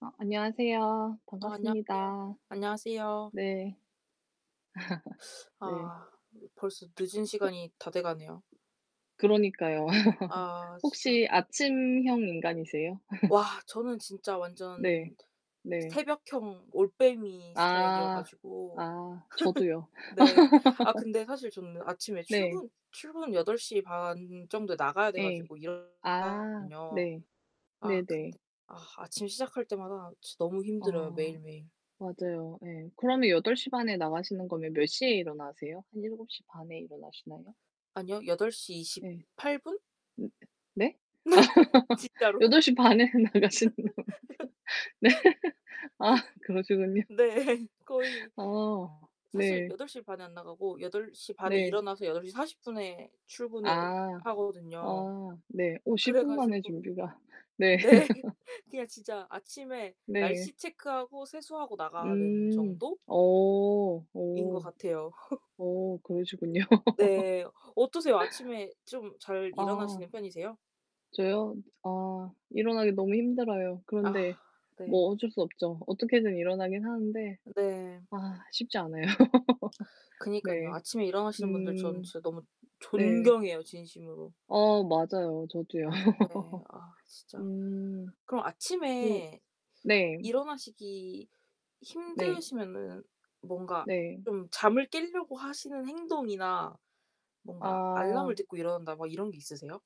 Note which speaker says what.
Speaker 1: 어 안녕하세요.
Speaker 2: 아 안녕하세요.
Speaker 1: 반갑습니다.
Speaker 2: 안녕하세요.
Speaker 1: 네. 네.
Speaker 2: 아 벌써
Speaker 1: 호
Speaker 2: 늦은 시간이 다 돼 가네요.
Speaker 1: 그러니까요.
Speaker 2: 아 진짜.
Speaker 1: 혹시 아침형 인간이세요?
Speaker 2: 와 저는 진짜
Speaker 1: 네.
Speaker 2: 완전
Speaker 1: 네.
Speaker 2: 새벽형 올빼미 스타일이어
Speaker 1: 아.
Speaker 2: 가지고
Speaker 1: 아. 저도요.
Speaker 2: 네. 아 근데 사실 저는 아침에
Speaker 1: 네.
Speaker 2: 출근 출근 8:30 정도에 나가야 돼
Speaker 1: 예.
Speaker 2: 가지고 일어 [unintelligible]
Speaker 1: 아
Speaker 2: 든요.
Speaker 1: 네.
Speaker 2: 아
Speaker 1: 네네.
Speaker 2: 근데 아 아침 시작할 때마다 지 너무 힘들어요,
Speaker 1: 어.
Speaker 2: 매일매일.
Speaker 1: 맞아요 예. 그러면 8:30에 나가시는 거면 몇 시에 일어나세요? 한 7:30 에 일어나시나요?
Speaker 2: 아니요 여덟 시
Speaker 1: 네.
Speaker 2: 이십팔 분?
Speaker 1: 음 네?
Speaker 2: 진짜로.
Speaker 1: 8:30 에는 나가신다면서. 네. 아 그러시군요.
Speaker 2: 네. 거의
Speaker 1: 어
Speaker 2: 사실
Speaker 1: 네.
Speaker 2: 8:30 에 안 나가고 8:30에
Speaker 1: 네.
Speaker 2: 일어나서 8:40 에 출근을
Speaker 1: 아.
Speaker 2: 하거든요.
Speaker 1: 아 네. 오 10
Speaker 2: 그래
Speaker 1: 분만에
Speaker 2: 가지고
Speaker 1: 준비가 네.
Speaker 2: 네. 그냥 진짜 아침에
Speaker 1: 네.
Speaker 2: 날씨 체크하고 세수하고 나가는
Speaker 1: 음.
Speaker 2: 정도
Speaker 1: 어.
Speaker 2: 인 것
Speaker 1: 어.
Speaker 2: 같아요.
Speaker 1: 어 그러시군요.
Speaker 2: 네. 어떠세요? 아침에 좀 잘
Speaker 1: 아.
Speaker 2: 일어나시는 편이세요?
Speaker 1: 저요? 아 일어나기 너무 힘들어요.
Speaker 2: 아
Speaker 1: 그런데
Speaker 2: 네.
Speaker 1: 뭐 어쩔 수 없죠. 어떻게든 일어나긴 하는데
Speaker 2: 네.
Speaker 1: 아 쉽지 않아요.
Speaker 2: 그니깐요.
Speaker 1: 네.
Speaker 2: 아침에 일어나시는 분들 저는
Speaker 1: 음.
Speaker 2: 진짜 너무
Speaker 1: 네.
Speaker 2: 존경해요, 진심으로.
Speaker 1: 어 맞아요. 저도요.
Speaker 2: 네 아 진짜
Speaker 1: 음.
Speaker 2: 그럼
Speaker 1: 그
Speaker 2: 아침에
Speaker 1: 네.
Speaker 2: 일어나시기
Speaker 1: 네.
Speaker 2: 힘드시면은 뭔가
Speaker 1: 네.
Speaker 2: 좀 잠을 깰려고 하시는 행동이나 뭔가 '알람을
Speaker 1: 아.
Speaker 2: 듣고 일어난다.' 막 이런 게 있으세요?